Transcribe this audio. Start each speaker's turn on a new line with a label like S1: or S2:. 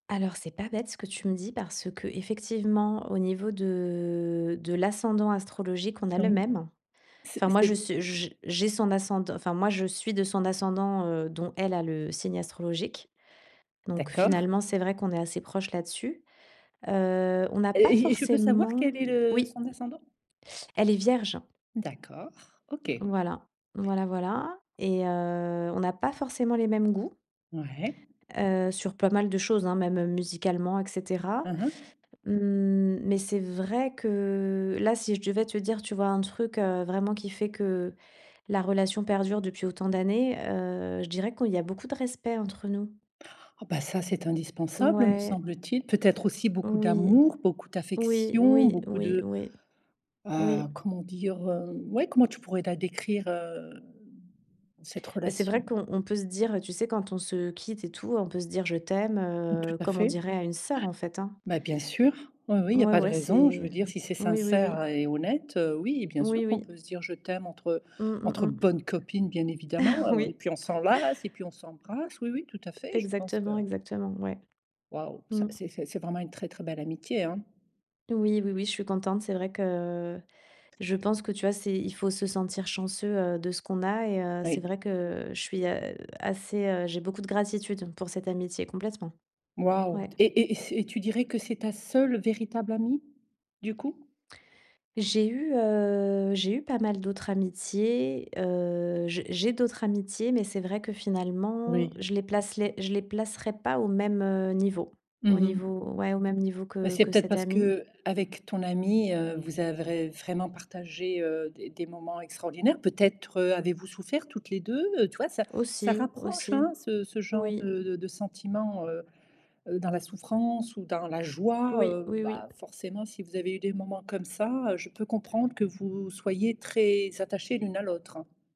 S1: Alors c'est pas bête ce que tu me dis parce que, effectivement, au niveau de de l'ascendant astrologique, on a le
S2: Oui.
S1: même.
S2: C
S1: Enfin moi, je
S2: c'est
S1: su j j'ai son ascend enfin, moi je suis de son ascendant, heu, dont elle a le signe astrologique, donc
S2: D'accord.
S1: finalement, c'est vrai qu'on est assez proche là-dessus. Heu, on n'a
S2: Heu,
S1: pas
S2: j je peux savoir
S1: forcément
S2: quel est le
S1: oui.
S2: son ascendant?
S1: Elle est vierge.
S2: D'accord, OK.
S1: Voilà, voilà, voilà, et heu, on n'a pas forcément les mêmes goûts
S2: Ouais.
S1: heu, sur pas mal de choses, hein, même, heu, musicalement, et cetera.
S2: Mmh mh.
S1: Mmh, mais c'est vrai que là, si je devais te dire, tu vois? Un truc, heu, vraiment qui fait que la relation perdure depuis autant d'années, heu, je dirais qu'il y a beaucoup de respect, entre nous.
S2: Oh bah, ça c'est
S1: N
S2: indispensable, me
S1: ouais.
S2: semble-t-il. Peut-être aussi beaucoup
S1: Oui.
S2: d'amour, beaucoup
S1: Oui,
S2: d'affection,
S1: oui,
S2: beaucoup
S1: oui,
S2: de
S1: oui.
S2: heu,
S1: Oui.
S2: comment dire? Hem, ouais, comment tu pourrais la décrire, hem, cette
S1: Bah, c'est
S2: relation?
S1: vrai qu'on on peut se dire, tu sais, quand on se quitte, et tout, on peut se dire «je t'aime»,
S2: Tout
S1: heu,
S2: à
S1: comme on
S2: fait. Ouais.
S1: dirait à une sœur, en fait, hein.
S2: Bah bien sûr, oui, oui, il y a
S1: Ouais,
S2: pas de
S1: ouais,
S2: raison, je
S1: c'est
S2: veux dire si c'est
S1: oui, oui, oui.
S2: sincère et honnête, oui, bien sûr
S1: Oui,
S2: qu'on
S1: oui.
S2: peut se dire «je t'aime», entre, heu,
S1: Mmh, mmh,
S2: entre
S1: mmh.
S2: bonnes copines, bien évidemment, et
S1: Oui.
S2: puis on s'enlace et puis, on s'embrasse, oui, oui, tout à fait, je pense que
S1: Exactement, exactement, ouais.
S2: Waouh, ça
S1: Mmh.
S2: c'est c'est c'est vraiment une très, très belle amitié, hein.
S1: Oui, oui, oui, je suis contente. C'est vrai que je pense que, tu vois? C'est il faut se sentir chanceux, heu, de ce qu'on a, et heu, c'est
S2: Oui.
S1: vrai que je suis, heu, assez, heu j'ai beaucoup de gratitude pour cette amitié, complètement.
S2: Waouh,
S1: Ouais.
S2: t et et et c et tu dirais que c'est ta seule véritable amie du coup?
S1: J'ai eu, heu, j'ai eu pas mal d'autres amitiés. Heu, j'ai j'ai d'autres amitiés, mais c'est vrai que finalement,
S2: Oui.
S1: je les placerais, je les placerais pas au même, heu, niveau, au
S2: Mmh mh.
S1: niveau, ouais, au même niveau
S2: Bah,
S1: que
S2: c'est
S1: que
S2: peut-être
S1: cette
S2: parce
S1: amie.
S2: qu'avec ton amie, heu, vous avez, vraiment partagé, heu, des des moments extraordinaires. Peut-être, heu, avez-vous souffert toutes les 2. Heu, tu vois? Ça ça
S1: Aussi,
S2: rapproche,
S1: aussi,
S2: hein, ce ce genre
S1: oui.
S2: de de de sentiments, heu heu, dans la souffrance ou dans la joie,
S1: Oui,
S2: heu,
S1: oui,
S2: bah,
S1: oui.
S2: forcément, si vous avez eu des moments comme ça, heu, je peux comprendre que vous soyez très attachées l'une à l'autre.